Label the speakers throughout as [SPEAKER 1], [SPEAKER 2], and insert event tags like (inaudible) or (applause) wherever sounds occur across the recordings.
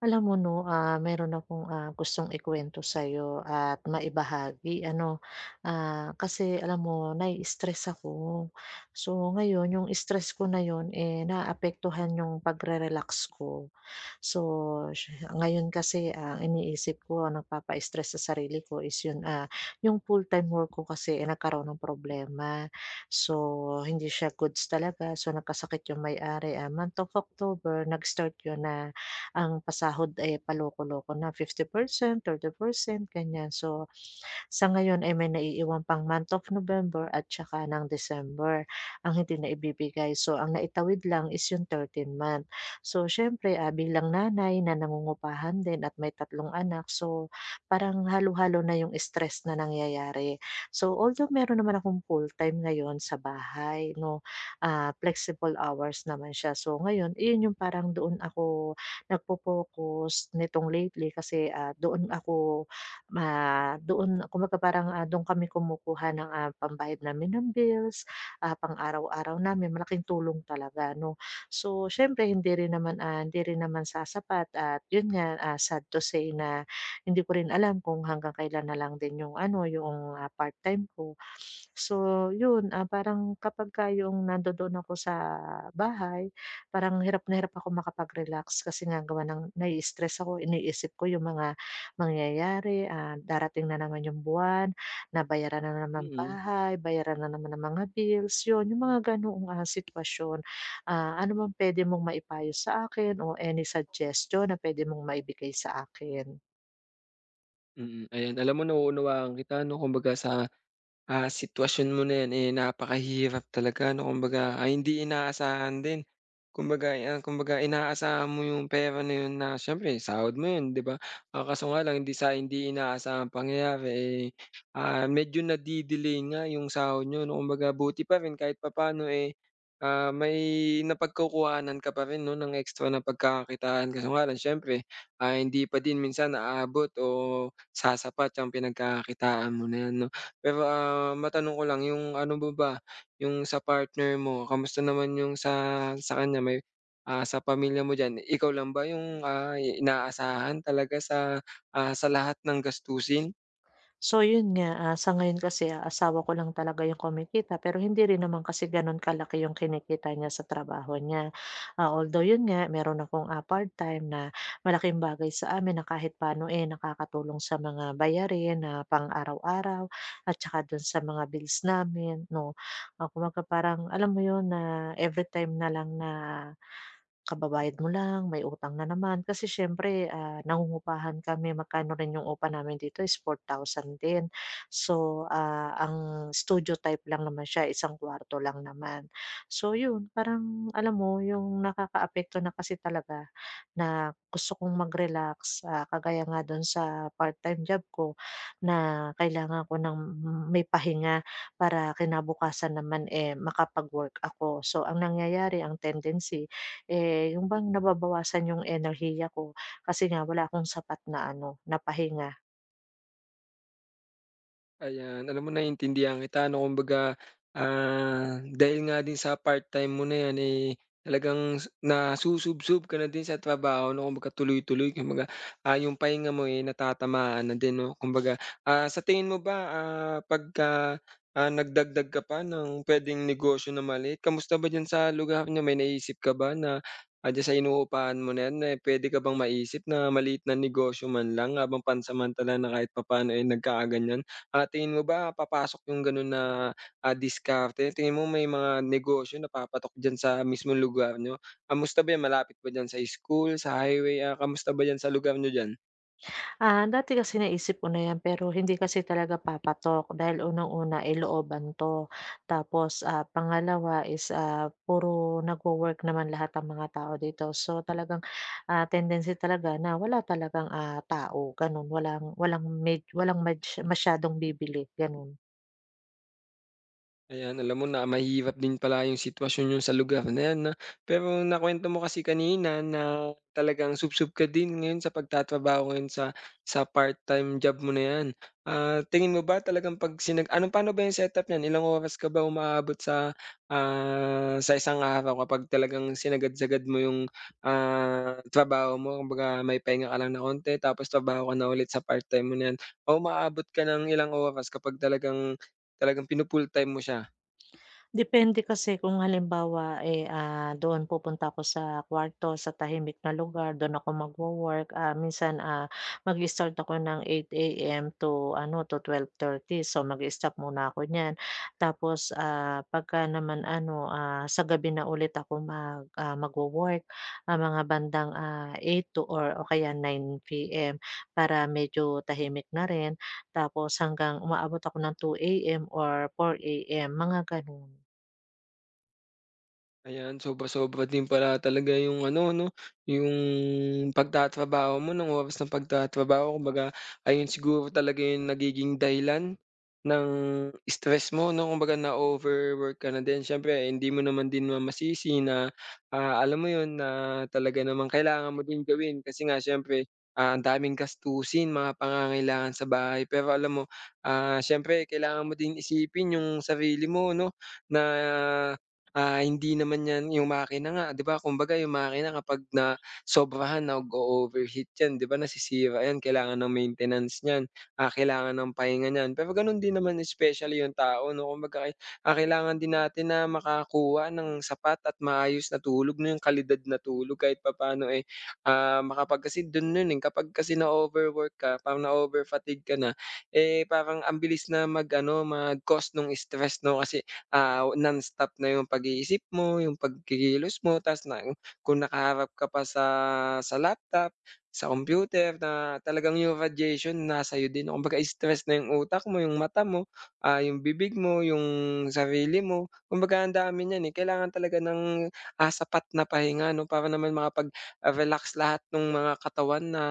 [SPEAKER 1] Alam mo no, ah, meron akong ah, gustong ikuwento sa 'yo at maibahagi ano. Ah, kasi alam mo nai-istress ako, so, ngayon 'yong stress ko na 'yon naaapektuhan 'yong pagre-relax ko. So, ngayon kasi ang iniisip ko ang nagpapa-stress sa sarili ko is 'yon, ah, yong full-time work ko kasi nagkaroon ng problema, so, hindi siya goods talaga. So, nagkasakit 'yong may-ari, ah, month of October nag-start 'yon na, ang pasahod ay paloko-loko na 50%, 30% ganyan. So, (gasps) sa ngayon ay may naiiwan pang month of November at saka ng December ang hindi naibibigay, so, ang naitawid lang is yung 13 month. So, siyempre ah, bilang nanay na nangungupahan din at may 3 anak, so, parang halo-halo na 'yong stress na nangyayari. So, although meron naman akong full-time ngayon sa bahay, no, ah, flexible hours naman siya, so, ngayon 'yon yong parang doon ako nag-fo-focus nitong lately kasi, ah, doon ako ma doon ako maka parang doon ah, kami kumukuha ng, ah, pambayad namin ng bills, ah, pang araw-araw namin malaking tulong talaga no. So, siyempre hindi rin naman, ah hindi rin naman sasapat at 'yon nga sad, ah, to say na hindi ko rin alam kung hanggang kailan na lang din 'yong ano, 'yoong, ah, part-time ko. (sniffs) So, 'yon, ah, parang kapagka 'yong nandoon ako sa bahay parang hirap na hirap ako makapag-relax kasi nga gawa ng nai-istress ako iniisip ko 'yong mga mangyayari, ah, darating na naman 'yong buwan na bayaran na naman
[SPEAKER 2] Mm.
[SPEAKER 1] bahay, bayaran na naman ang mga bills, 'yon 'yung mga ganoong, ah, sitwasyon. Ah, ano bang pwede mong maipayo sa akin o any suggestion na pwede mong maibigay sa akin?
[SPEAKER 2] Mm. Ayan, alam mo nauunawaan kita ano, kumbaga sa, ah, sitwasyon mo na 'yan, eh, napakahirap talaga 'no. Kumbaga ay hindi inaasahan din. Kumbaga, eh, kumbaga, eh, inaasahan mo yung pera na yun na syempre sahod mo yun, di ba? Ah, kaso nga lang hindi sa hindi inaasahan pangyayari, eh, ah, medyo nadi-delay nga yung sahod niyo 'no. Kumbaga 'buti pa rin kahit papaano, eh, ah, may napagkukuhanan ka pa rin 'no ng extra na pagkakakitaan kaso nga lang siyempre, ah, hindi pa din minsan aabot o sasapat ang pinagkakakitaan mo na 'yan 'no. Pero, ah, matanong ko lang, yung ano mo ba, yung sa partner mo kamusta naman yung sa sa kanya, may, ah, sa pamilya mo diyan ikaw lang ba yung, ah, inaasahan talaga sa, ah, sa lahat ng gastusin?
[SPEAKER 1] So 'yon nga, ah, sa ngayon kasi asawa ko lang talaga 'yong kumikita, pero hindi rin naman kasi gano'n kalaki 'yong kinikita niya sa trabaho niya. Ah, although 'yon nga meron akong, ah, part-time na malaking bagay sa amin na kahit pa'no, eh, nakakatulong sa mga bayarin na pang-araw-araw at tsaka do'n sa mga bills namin 'no. Ah, kubaga parang alam mo 'yon na everytime na lang na kababayad mo lang, may utang na naman, kasi siyempre, ah, nangungupahan kami magkano rin yung upa namin dito is 4,000 din. So, ah, ang studio type lang naman siya, isang kuwarto lang naman. So, yun parang alam mo yung nakakaapekto na kasi talaga na gusto kong mag-relax, ah, kagaya nga do'n sa part-time job ko, na kailangan ko ng may pahinga para kinabukasan naman, eh, makapag-work ako. So, ang nangyayari, ang tendency, eh, yung bang nababawasan 'yong enerhiya ko, kasi nga wala akong sapat na ano, na pahinga.
[SPEAKER 2] Ayan. Alam mo naiintindihan kita ano. Kumbaga, ah, dahil nga din sa part-time mo na 'yan, eh, talagang su nasusubsob ka na din sa trabaho, 'no. Kumbaga tuloy-tuloy, kumbaga, ah, 'yong pahinga mo, eh, natatamaan na din, 'no, kumbaga. Ah, sa tingin mo ba, ah, 'pagka, ah, nagdagdag ka pa ng puwedeng negosyo na maliit, kamusta ba diyan sa lugar niyo? May naisip ka ba na, ah, diyan sa inuupahan mo na 'yan, eh, puwede ka bang maisip na maliit na negosyo man lang habang pansamantala na kahit papaano ay nagkaganiyan? Ah, tingin mo ba papasok 'yong gano'n na, ah, diskarte? Tingin mo may mga negosyo na papatok diyan sa mismong lugar niyo? Kamusta ba 'yan? Malapit ba diyan sa school, sa highway, ah, kamusta ba diyan sa lugar niyo diyan?
[SPEAKER 1] Ah, dati kasi naisip ko na 'yan. Pero hindi kasi talaga papatok dahil unang-una ay looban 'to. Tapos, ah, pangalawa is, ah, puro nagwo-work naman lahat ang mga tao dito. So talagang, ah, tendency talaga na wala talagang, ah, tao, gano'n. Walang walang med walang mads masyadong bibili, gano'n.
[SPEAKER 2] Ayan, alam mo na mahirap din pala 'yong sitwasyon niyo sa lugar na 'yan, 'no? Pero nakuwento mo kasi kanina na talagang subsob ka din ngayon sa pagtatrabaho ngayon sa sa part-time job mo na 'yan. Ah, tingin mo ba talagang 'pag sinag ano, paano ba 'yong setup niyan? Ilang oras ka ba umaabot sa, ah, sa isang araw kapag talagang sinagad-sagad mo 'yong, ah, trabaho mo? Kumbaga, may pahinga ka lang na 'onti tapos trabaho ka na ulit sa part-time mo na 'yan o umaabot ka ng ilang oras kapag talagang talagang finu-full-time mo siya.
[SPEAKER 1] Depende kasi kung halimbawa, eh, ah, doon pupunta ako sa kuwarto, sa tahimik na lugar, doon ako magwo-work, ah, minsan, ah, mag-i-start ako ng 8 AM to ano, to 12:30. So, mag-i-stop muna ako niyan. Tapos, ah, 'pagka naman ano, ah, sa gabi na ulit ako mag ah, magwo-work. Ah, mga bandang, ah, 8 to or o kaya 9 PM para medyo tahimik na rin. Tapos hanggang umaabot ako ng 2 AM or 4 AM, mga gano'n.
[SPEAKER 2] Ayan, sobra-sobra din pala talaga 'yong ano 'no? 'Yong pagtatrabaho mo, no'ng oras ng pagtatrabaho. Kumbaga ayon siguro talaga 'yong nagiging dahilan ng stress mo 'no? Kumbaga na-overwork ka na din. S'yempre hindi mo naman din masisi na, ah, alam mo 'yon, na talaga naman kailangan mo din gawin kasi nga s'yempre ah, ang daming gastusin mga pangangailangan sa bahay. Pero alam mo, ah, s'yempre kailangan mo din isipin 'yong sarili mo, 'no? na ah, hindi naman 'yan 'yong makina nga, 'di ba? Kumbaga, 'yong makina kapag nasobrahan nag-oover heat 'yan, 'di ba? Nasisira 'yan. Kailangan ng maintenance n'yan, ah, kailangan ng pahinga n'yan. Pero gano'n din naman specially 'yong tao 'no, kumbaga ay, ah, kailangan din natin na makakuha ng sapat at maayos na tulog, na 'yong kalidad na tulog kahit papa'no eh, ah, makapag kasi do'n no'n eh, kapag kasi na-o-overwork ka parang na-over fatigue ka na eh, parang ang bilis na mag ano, mag-cause no'ng stress, 'no kasi ah, nonstop na 'yong pag-iisip mo, 'yong pagkikilos mo, 'tas na kung nakaharap ka pa sa sa laptop, sa computer na talagang 'yong radiation nasa'yo din kumbaga stress na 'yong utak mo, 'yong mata mo, ah, 'yong bibig mo, 'yong sarili mo. Kumbaga ang dami n'yan eh, kailangan talaga ng, ah, sapat na pahinga 'no? Para naman makapag-relax lahat no'ng mga katawan na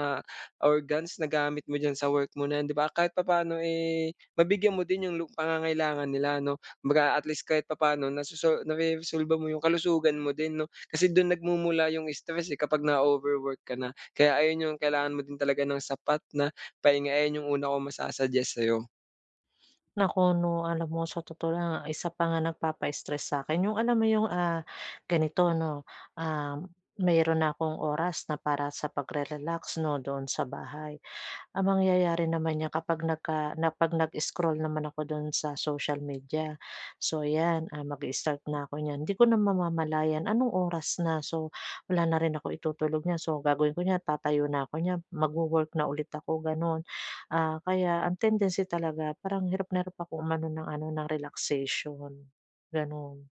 [SPEAKER 2] organs na gamit mo d'yan sa work mo na 'yan, 'di ba? Kahit papaano, eh, mabigyan mo din 'yong lu pangangailangan nila 'no? Kumbaga at least kahit papa'no nasoso nareresolba mo 'yong kalusugan mo din, 'no? Kasi do'n nagmumula 'yong stress eh, kapag na-o-overwork ka na. Kaya ayon 'yong kailangan mo din talaga ng sapat na pahinga, ayon 'yong una kong masu suggest sa'yo.
[SPEAKER 1] Naku, 'no, alam mo sa totoo lang, ang isa pa nga nagpapa-stress sa 'kin yung alam mo yung, ah, ganito, 'no. Um, mayro'n na akong oras na para sa pagre-relax, 'no, doon sa bahay. Ang mangyayari naman niyan kapag nagka na 'pag nag-scroll naman ako do'n sa social media, so, ayan, ah, mag-i-start na ako niyan, hindi ko na mamamalayan anong oras na. So, wala na rin akong itutulog niyan. So, gagawin ko niyan, tatayo na ako niyan, mag-wo-work na ulit ako, gano'n. Ah, kaya ang tendency talaga parang hirap na hirap ako umano ng ano, ng relaxation, gano'n.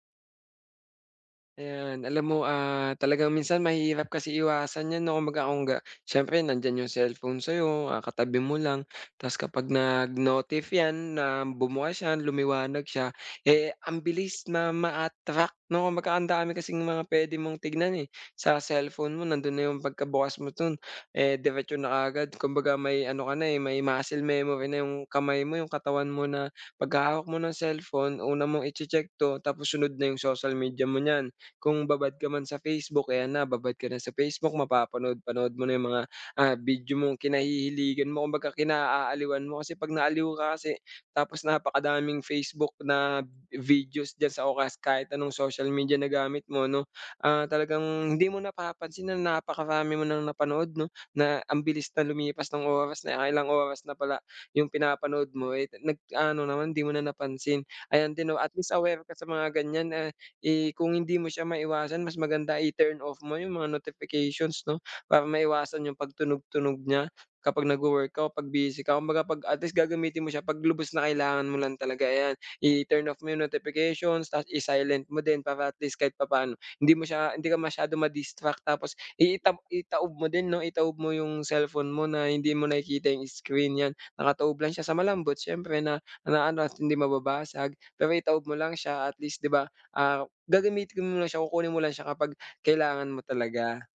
[SPEAKER 2] Ayan, alam mo, ah, talagang minsan mahirap kasi iwasan yan, 'no. Kumbaga, kung ga siyempre nandiyan yung cellphone sa'yo, ah, katabi mo lang 'tas kapag nag-notif 'yan na bumukas 'yan, lumiwanag siya, eh, ang bilis na ma-attract, 'no? Kumbaga, andami kasing mga puwede mong tignan, eh, sa cellphone mo. Nando'n na yung pagkabukas mo dun, eh, diretso na kaagad. Kumbaga, may ano ka na, eh, may muscle memory na yung kamay mo, yung katawan mo na pagkahawak mo ng cellphone, una mong iche-check 'to tapos sunod na yung social media mo niyan. Kung babad ka man sa Facebook, ayan na, babad ka na sa Facebook, mapapanood-panood mo na yung mga, ah, video mong kinahihiligan mo, kumbaga kinaaaliwan mo. Kasi 'pag naaliw ka kasi tapos napakadaming Facebook na, videos diyan sa o kas kahit anong social media na gamit mo, 'no, ah, talagang hindi mo napapansin na napakarami mo nang napanood, 'no? Na ang bilis na lumipas ng oras, naka-ilang oras na pala yung pinapanood mo, eh, nag-ano naman, hindi mo na napansin. Ayan din, 'no, at least, aware ka sa mga ganyan, a eh, kung hindi mo siya maiwasan, mas maganda i-turn off mo yung mga notifications, 'no, para maiwasan yung pagtunog-tunog niya kapag nag-wo-work ka o 'pag busy ka. Kumbaga, 'pag at least gagamitin mo siya 'pag lubos na kailangan mo lang talaga, ayan. I-turn off mo yung notifications tapos i-silent mo din para at least kahit papa'no hindi mo siya hindi ka masyadong ma-distract tapos i itab itaob mo din, 'no. Itaob mo yung cellphone mo na hindi mo nakikita yung screen 'yan. Nakataob lang siya sa malambot, siyempre na naano at hindi mababasag. Pero itaob mo lang siya at least ,'di ba, ah, gagamitin mo lang siya, kukunin mo lang siya kapag kailangan mo talaga.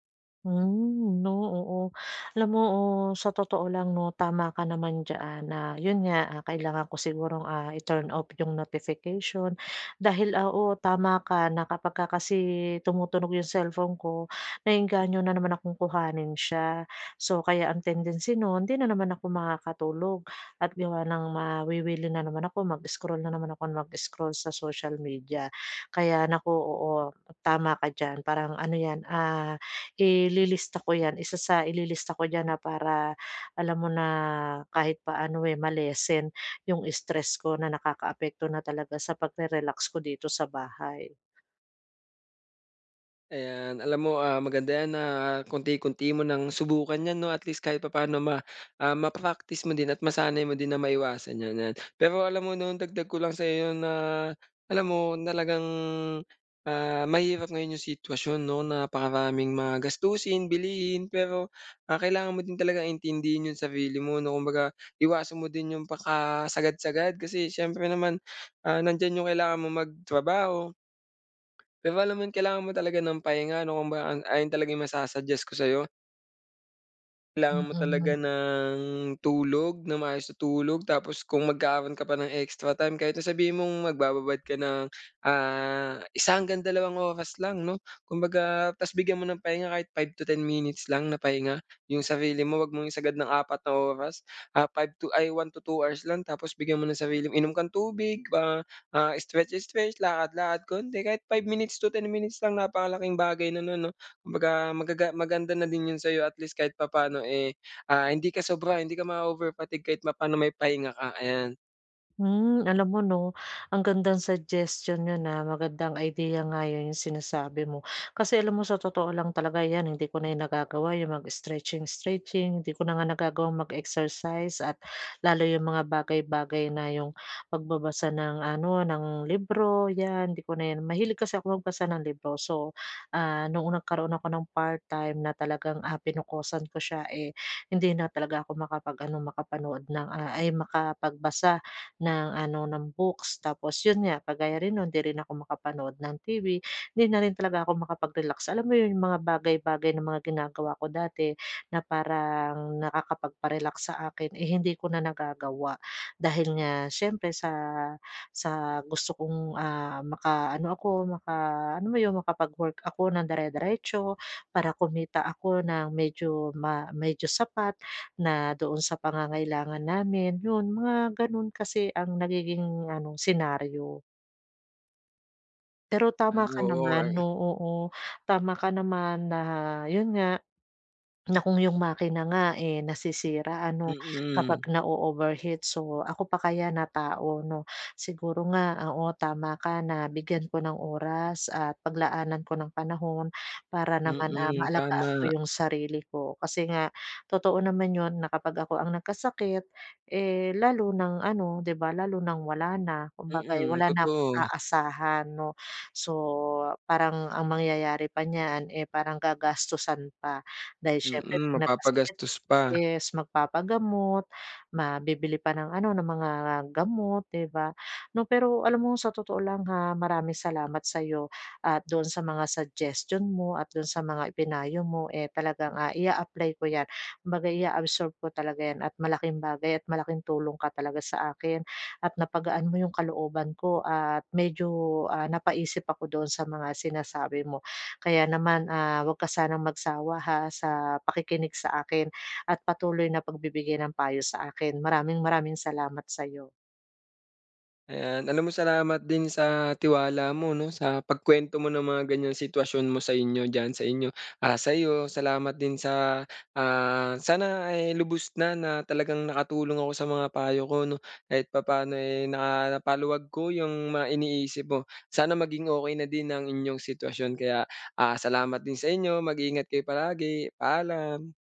[SPEAKER 1] Hmm, 'no, oo. Alam mo, oh, sa totoo lang 'no, tama ka naman diyan na 'yon nga, kailangan ko sigurong, ah, i-turn off 'yong notification dahil, oo, tama ka na kapagka kasi tumutunog 'yong cellphone ko, naeengganyo na naman akong kuhanin siya. So, kaya ang tendency no'n hindi na naman ako makakatulog. At gawa ng mawiwili na naman ako, mag-scroll na naman ako nang mag-scroll sa social media. Kaya naku, oo, tama ka diyan. Parang ano 'yan, ah, ililista ko 'yan. Isa sa ililista ko diyan na para alam mo na kahit paano, eh, ma-lessen 'yong stress ko na nakakaapekto na talaga sa pagre-relax ko dito sa bahay.
[SPEAKER 2] Ayan. Alam mo, ah, maganda 'yan na kaunti-kaunti mo nang subukan 'yan 'no. At least kahit papaano ma ah, ma-practice mo din at masanay mo din na maiwasan 'yan, 'yan. Pero alam mo 'no, dagdag ko lang sa'yo na alam mo, talagang, ah, mahirap ngayon 'yong sitwasyon 'no, napakaraming mag gastusin, bilihin, pero, ah, kailangan mo din talagang intindihin 'yong sarili mo 'no. Kumbaga iwasan mo din 'yong pakasagad-sagad kasi siyempre naman, ah, nandiyan 'yong kailangan mong magtrabaho pero alam mo 'yon, kailangan mo talaga ng pahinga 'no. Kumbaga an ayun talaga 'yong masa-suggest ko sa'yo. Kailangan mo talaga
[SPEAKER 1] Hmm.
[SPEAKER 2] ng tulog nang maayos na tulog tapos kung magkakaroon ka pa ng extra time kahit na sabihin mong magbababad ka ng, ah, 1 hanggang 2 oras lang 'no, kumbaga tas bigyan mo ng pahinga kahit 5-10 minutes lang na pahinga yung sarili mo, huwag mong isagad ng 4 na oras, ah, 5 to ay, 1-2 hours lang tapos bigyan mo ng sarili inom kang tubig, ah, ah, stretch-stretch, lakad-lakad kaunti, kahit 5 minutes to 10 minutes lang, napakalaking bagay na no'n 'no, kumbaga magaga maganda na din 'yon sa 'yo at least kahit papaano, eh, ah, hindi ka sobra, hindi ka mao-overfatigue, kahit papaano may pahinga ka, ayan.
[SPEAKER 1] Hmm, alam mo 'no, ang gandang suggestion 'yon, ah, magandang idea nga 'yon, 'yong sinasabi mo kasi alam mo sa totoo lang talaga 'yan hindi ko na nagagawa, 'yang mag-stretching stretching, hindi ko na nga nagagawang mag-exercise at lalo 'yong mga bagay-bagay na 'yong pagbabasa ng ano, ng libro, 'yan, 'di ko na 'yan mahilig kasi ako magbasa ng libro so, ah, noong nagkaroon ako ng part-time na talagang, ah, pinokusan ko siya, eh, hindi na talaga ako makapag-ano, makapanood ng, ah, ay, makapagbasa ng ano, ng books tapos 'yon nga, kagaya rin no'n, 'di rin ako makapanood ng TV, hindi na rin talaga ako makapag-relax, alam mo 'yon, mga bagay-bagay na mga ginagawa ko dati na parang nakakapagpa-relax sa akin, eh, hindi ko na nagagawa. Dahil nga siyempre sa sa gusto kong, ah, makaano ako, maka ano mo 'yong, makapag-work ako ng dire-diretso para kumita ako ng medyo ma medyo sapat na doon sa pangangailangan namin, 'yon mga ganoon kasi ang nagiging ano, senaryo. Pero tama
[SPEAKER 2] Ano,
[SPEAKER 1] ka
[SPEAKER 2] oh
[SPEAKER 1] naman,
[SPEAKER 2] ay
[SPEAKER 1] oo, oo. Tama ka naman na yun nga, na kung 'yong makina nga, eh, nasisira ano kapag
[SPEAKER 2] Mm.
[SPEAKER 1] na-o-overheat, so ako pa kaya na tao 'no. Siguro nga, oo, tama ka na bigyan ko ng oras at pag-laanan ko ng panahon para naman, ah,
[SPEAKER 2] Mm,
[SPEAKER 1] ma-alagaan ko
[SPEAKER 2] tama.
[SPEAKER 1] 'yong sarili ko. Kasi nga totoo naman 'yon na kapag ako ang nag-kasakit, eh, lalo ng ano 'di ba, lalo ng wala na, kumbaga, eh,
[SPEAKER 2] Mm,
[SPEAKER 1] wala na akong
[SPEAKER 2] totoo.
[SPEAKER 1] aasahan 'no. So, parang ang mang-yayari pa niyan, eh, parang ga-gastusan pa dahil siyempre
[SPEAKER 2] Mm,
[SPEAKER 1] 'pag nagkasakit
[SPEAKER 2] mapapa-gastos pa.
[SPEAKER 1] is mag papa-gamot, ma bibili pa ng ano, ng mga gamot 'di ba 'no. Pero alam mo sa totoo lang ha, maraming salamat sa'yo at doon sa mga suggestion mo at doon sa mga i-pinayo mo, eh, talagang, ah, i-a-apply ko 'yan. Kumbaga ia-absorb ko talaga 'yan at malaking bagay at malaking tulong ka talaga sa akin at na-pagaan mo 'yong kalooban ko at medyo, ah, napa-isip ako doon sa mga sinasabi mo. Kaya naman, ah, huwag ka sanang mag sawa ha, sa pa-kikinig sa akin at patuloy na pag-bibigay ng payo sa akin. Maraming-maraming salamat sa'yo.
[SPEAKER 2] Ayan, alam mo salamat din sa tiwala mo 'no sa pag-kwento mo ng mga ganyan sitwasyon mo sa inyo diyan sa inyo. Ah, sayo, salamat din sa, ah, sana ay lubos na na talagang naka-tulong ako sa mga payo ko 'no kahit papaano eh na paluwag ko yung mga iniisip mo. Sana maging okey na din ang inyong sitwasyon. Kaya, ah, salamat din sa inyo. Mag-ingat kayo palagi. Paalam.